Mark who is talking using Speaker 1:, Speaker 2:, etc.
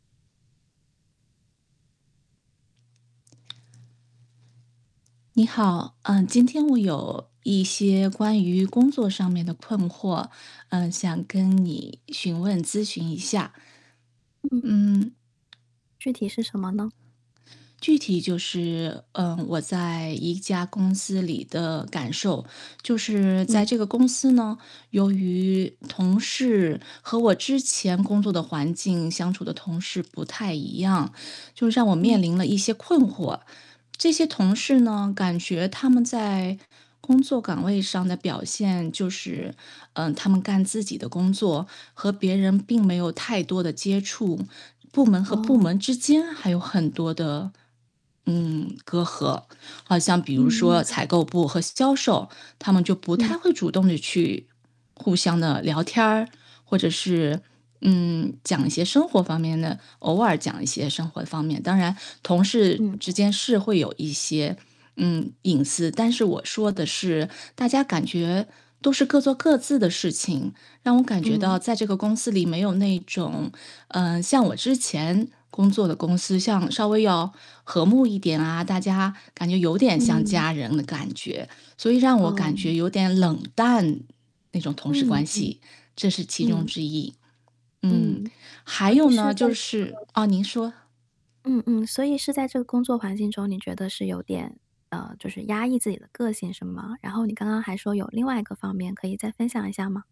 Speaker 1: 你好，呃，今天我有一些关于工作上面的困惑，呃，想跟你询问咨询一下。
Speaker 2: 嗯。
Speaker 1: 嗯。
Speaker 2: 具体是什么呢？
Speaker 1: 具体就是，嗯，我在一家公司里的感受。就是在
Speaker 2: 嗯。
Speaker 1: 这个公司呢，由于同事和我之前工作的环境相处的同事不太一样，就让我面
Speaker 2: 嗯。
Speaker 1: 临了一些困惑。这些同事呢，感觉他们在工作岗位上的表现，就是呃，他们干自己的工作，和别人并没有太多的接触，部门和部
Speaker 2: 哦。
Speaker 1: 门之间还有很多的，嗯，隔阂。好像比
Speaker 2: 嗯，
Speaker 1: 如
Speaker 2: 明
Speaker 1: 说
Speaker 2: 白。
Speaker 1: 采购部和销售，他们就不太
Speaker 2: 嗯。
Speaker 1: 会主动的去，互相地聊天儿或者是，嗯，讲一些生活方面的偶尔讲一些生活方面，当然同事
Speaker 2: 嗯。
Speaker 1: 之间是会有一些，嗯，隐私。但是我说的是大家感觉都是各做各自的事情，让我感觉
Speaker 2: 嗯。
Speaker 1: 到在这个公司里没有那种，呃，像我之前工作的公司，像稍微要和睦一点啊，大家感觉有点像
Speaker 2: 嗯。
Speaker 1: 家人的感觉。所以让我
Speaker 2: 哦，
Speaker 1: 感
Speaker 2: 明
Speaker 1: 觉有
Speaker 2: 白。
Speaker 1: 点冷淡，那种同事
Speaker 2: 嗯，
Speaker 1: 关
Speaker 2: 嗯。
Speaker 1: 系，这是其中
Speaker 2: 嗯。
Speaker 1: 之一，嗯，
Speaker 2: 嗯，
Speaker 1: 还
Speaker 2: 所以
Speaker 1: 有
Speaker 2: 是
Speaker 1: 呢
Speaker 2: 在
Speaker 1: 就
Speaker 2: 这
Speaker 1: 是
Speaker 2: 个
Speaker 1: 啊，您说。
Speaker 2: 嗯嗯。所以是在这个工作环境中，你觉得是有点呃，就是压抑自己的个性是吗？然后你刚刚还说有另外一个方面可以再分享一下吗？